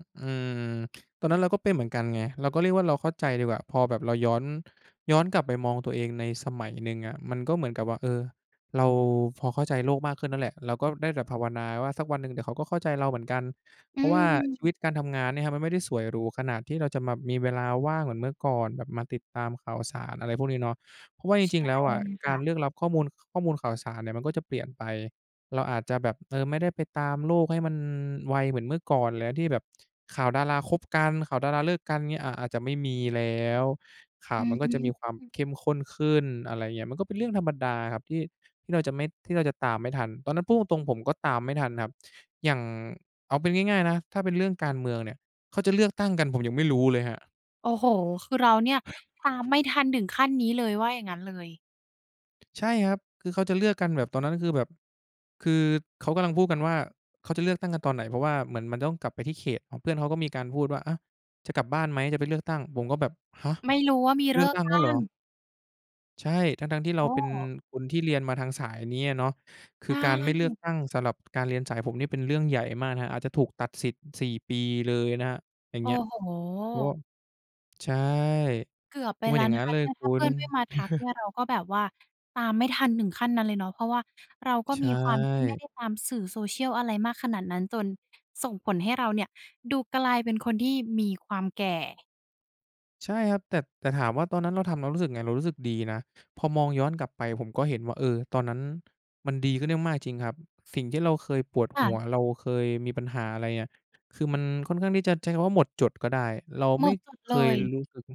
อ เออ ตอนนั้นเราก็เป็นเหมือนกันไง เราก็เรียกว่า เราเข้าใจดีกว่า พอแบบเราย้อน ย้อนกลับไปมองตัวเองในสมัยหนึ่งอะ มันก็เหมือนกับว่า เออ เราพอเข้าใจโลกมากขึ้นนั่นแหละ เราก็ได้แต่ภาวนาว่า สักวันหนึ่งเดี๋ยวเขาก็เข้าใจเราเหมือนกัน เอืพราะว่าชีวม ิตการทำงานเนี่ยครับมันไม่ได้สวยหรูขนาดที่เราจะมามีเวลาว่างเหมือนเมื่อก่อน แบบมาติดตามข่าวสาร อะไรพวกนี้เนาะ เพราะว่าจใชริง ่ๆ แล้วอะคก่าะ รเลือกรับข้อมูล ข้อมูลข่าวสารเนี่ยมันก็จะเปลี่ยนไป เราอาจจะแบบ เออ ไม่ได้ไปตามโลกให้มันไวเหมือนเมื่อก่อนแล้ว ที่แบบข่าวดาราคบกัน ข่าวดาราเลิกกัน เงี้ย อ่า อาจจะไม่มีแล้ว ข่าอืวมอันฮก็จะมีความึ เข้มข้นขึ้น อะไรเงี้ย มันก็เป็นเรื่องธรรมดาครับที่ ที่เราจะไม่ ที่เราจะตามไม่ทัน ตอนนั้นพูดตรง ๆ ผมก็ตามไม่ทันครับ อย่าง เอาเป็นง่าย ๆ นะ ถ้าเป็นเรื่องการเมืองเนี่ย เขาจะเลือกตั้งกันผมยังไม่รู้เลยครับ โอ้โฮ คือเราเนี่ย ตามไม่ทันถึงขั้นนี้เลย ว่าอย่างงั้นเลย ใช่ครับ คือเขาจะเลือกกันแบบ ตอนนั้นก็คือแบบ คือเขากำลังพูดกันว่า เขาจะเลือกตั้งกันตอนไหน? เพราะว่าเหมือนมันต้องกลับไปที่เขต เพื่อนเขาก็มีการพูดว่า "อะ จะกลับบ้านไหม? จะไปเลือกตั้ง" ผมก็แบบ "ฮะ ไม่รู้ว่ามีเเลลืือกอกตั้งตแลั้้วเหรอ?" ง! ใช่ ทั้ง ๆ ที่โเอราเป็น้ คนที่เรียนมาทางสายนี้อะเนาะ คใชือการไม่เลือก่ ตั้งสำหรับการเรียนสายผมนี่เป็นเรื่องใหญ่มากนะครับ อาจจะถูกตัดสิทธิ์ 4 ปีเลยนะครับ อย่าโงอ้เงี้ย โเพราะว่า ฮ ใช่ เกือบเไพปราะมแัลน้อยว่างนงัะ้คนะเลเนยี่ย คถ้าุเพืณ ่อนไม่มาทักเนี่ยเราก็แบบว่า ตามไม่ทันถึงขั้นนั้นเลยเนาะ เพราะว่าเราก็ใชมีความที่ไม่่ ได้ตามสื่อ social อะไรมากขนาดนั้น จนส่งผลให้เราเนี่ยดูกลายเป็นคนที่มีความแก่ ใช่ครับ แต่ แต่ถามว่า ตอนนั้นเราทำแล้วรู้สึกยังไง? เรารู้สึกดีนะ พอมองย้อนกลับไปผมก็เห็นว่า เออ ตอนนั้นมันดีขึ้นได้มากจริงครับ สิ่งที่เราเคยปวดค่หะ ัว เราเคยมีปัญหาอะไรเนี่ย คือมันค่อนข้างที่จะใช้คำว่าหมดจดก็ได้ เราหมไม่ดจดเเลคยย รู้ซึ้ง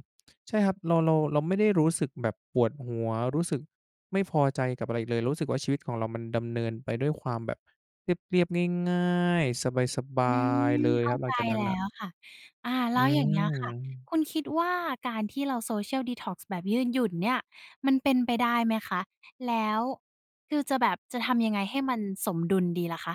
ใช่ครับ เรา เรา เราไม่ได้รู้สึกแบบปวดหัว รู้สึกไม่พอใจกับอะไรอีกเลย รู้สึกว่าชีวิตของเรามันดำเนินไปด้วยความแบบเรียบ ๆ ง่าย ๆ สบาอืย ๆ ม เลยเข้คราับหลใัจงจากนั้แนลน่้ะ วค่ะ อา แอลื้วอย่างเงี้ยค่ะ ม คุณคิดว่า การที่เรา Social Detox แบบยื่นหยุ่นเนี่ยมันเป็นไปได้ไหมคะ? แล้วคือจะแบบ จะทำยังไงให้มันสมดุลดีล่ะคะ?